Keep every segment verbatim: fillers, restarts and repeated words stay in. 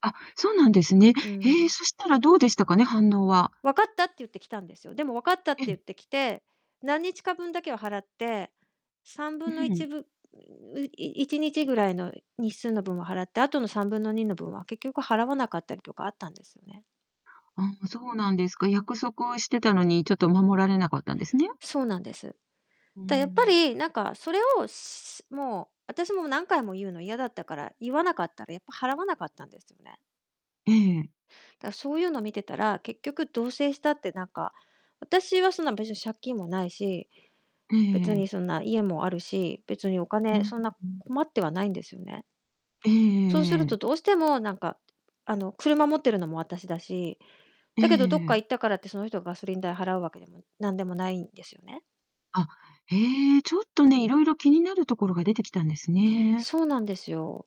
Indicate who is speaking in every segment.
Speaker 1: あ、そうなんですね。
Speaker 2: う
Speaker 1: へえ、
Speaker 2: ん。
Speaker 1: そしたらどうでしたかね、反応は？
Speaker 2: 「わかった」って言ってきたんですよ。でも「わかった」って
Speaker 1: えん。
Speaker 2: 言ってきて、何日か分だけを払って、さんぶ
Speaker 1: う
Speaker 2: んのいち
Speaker 1: ん。
Speaker 2: いいちにちぐらいの日数の分を払って、あとのさんぶんのにの分は結局払わなかったりとかあったんですよね。
Speaker 1: あ、そうなんですか。約束をしてたのに、ちょっと守られなかったんですね？
Speaker 2: そうなんです。
Speaker 1: うー
Speaker 2: だ、やっぱ
Speaker 1: ん。
Speaker 2: りなんかそれをしもう、私もう何回も言うの嫌だったから、言わなかったら、やっぱ払わなかったんですよね。
Speaker 1: ええ。
Speaker 2: だ、そういうの見てたら、結局同棲したってなんか、私はそんな別に借金もないし、
Speaker 1: ええ
Speaker 2: 別
Speaker 1: ええ。
Speaker 2: にそんな、家もあるし、別にお
Speaker 1: う
Speaker 2: 金
Speaker 1: ん、
Speaker 2: そんな
Speaker 1: うん。
Speaker 2: 困ってはないんですよね。
Speaker 1: えええ
Speaker 2: そうす
Speaker 1: え
Speaker 2: る
Speaker 1: え
Speaker 2: と
Speaker 1: え。
Speaker 2: どうしてもなんか、あの、車持ってるのも私だし、
Speaker 1: え
Speaker 2: だけどどっか
Speaker 1: え。
Speaker 2: 行ったからって、その人ガソリン代払うわけでもなんでもないんですよね。
Speaker 1: あ、へえ。ちょっとね、色々気になる所が出てきたんですね。
Speaker 2: そうなんですよ。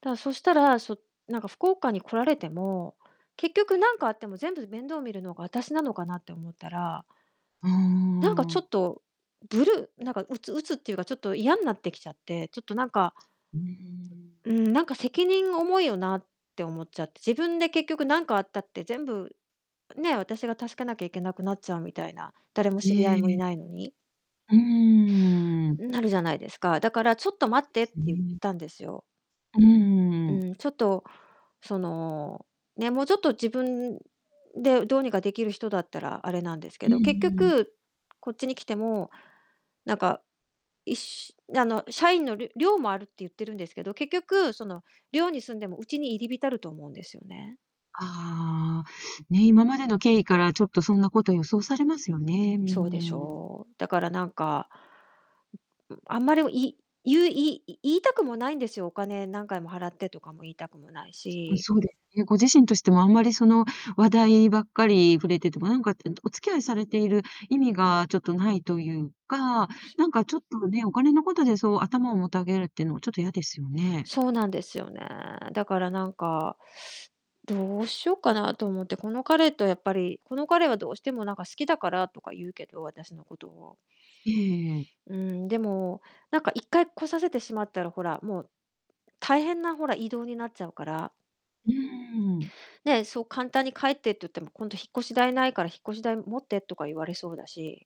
Speaker 2: だ、そしたら、そなんか福岡に来られても、結局何かあっても全部面倒見るのが、私なのかなって思ったら
Speaker 1: うー
Speaker 2: なんかちょ
Speaker 1: ん。
Speaker 2: っと、ブルー、なんか鬱鬱っていうか、ちょっと嫌んなってきちゃって、ちょっとなんか
Speaker 1: うーん。
Speaker 2: うーん「なんか責任が重いよな」って思っちゃって。自分で結局何かあったって全部、あ、ね、私が助けなきゃいけなくなっちゃうみたいな、誰も
Speaker 1: え
Speaker 2: 知り合いもい
Speaker 1: え。
Speaker 2: ないのに
Speaker 1: うーん。
Speaker 2: うん、なるじゃないですか。だから「ちょっ
Speaker 1: そ
Speaker 2: と待っ
Speaker 1: うで
Speaker 2: て」っ
Speaker 1: す
Speaker 2: て言っ
Speaker 1: ね。
Speaker 2: たんですよ。
Speaker 1: う
Speaker 2: う
Speaker 1: ーん。
Speaker 2: ん、ちょっとその、ね、もうちょっと自分でどうにかできる人だったらアレなんです
Speaker 1: う
Speaker 2: け
Speaker 1: ん
Speaker 2: ど、結
Speaker 1: うん。
Speaker 2: 局こっちに来てもなんかいっしあの、社員のる寮もあるって言ってるんですけど、結局その寮に住んでもウチに入り浸ると思うんですよね。
Speaker 1: ああ、ね、今までの経緯からちょっとそんなこと予想されますよね。う
Speaker 2: そうでし
Speaker 1: ーん。
Speaker 2: ょう。だからなんか、ううん、あんまりをい言う言いい言いたくもないんですよ。お金何回も「払って」とかも言いたくもない
Speaker 1: すうん、
Speaker 2: し。
Speaker 1: そうですね。ご自身としても、あんまり、その、話題ばっかり触れてても、なんかってえんどお付き合いされている意味がちょっとないというか、
Speaker 2: ぷし
Speaker 1: なんかちょっとね、お金のことで、そう頭をもたげるってのはちょっと嫌ですよね。
Speaker 2: そうなんですよね。だからなんかどうしよっかなと思って、この彼とやっぱりこの彼は「どうしてもなんか好きだから」とか言うけど、私のことを。
Speaker 1: ええええええ。
Speaker 2: うーん、でも、なんか一回来させてしまったら、ほら、もう、大変な、ほら、移動になっちゃうから
Speaker 1: うーん。
Speaker 2: ね、そう簡単に「帰って」って言っても、今度引っ越し代ないから引っ越し代持ってとか言われそうだし。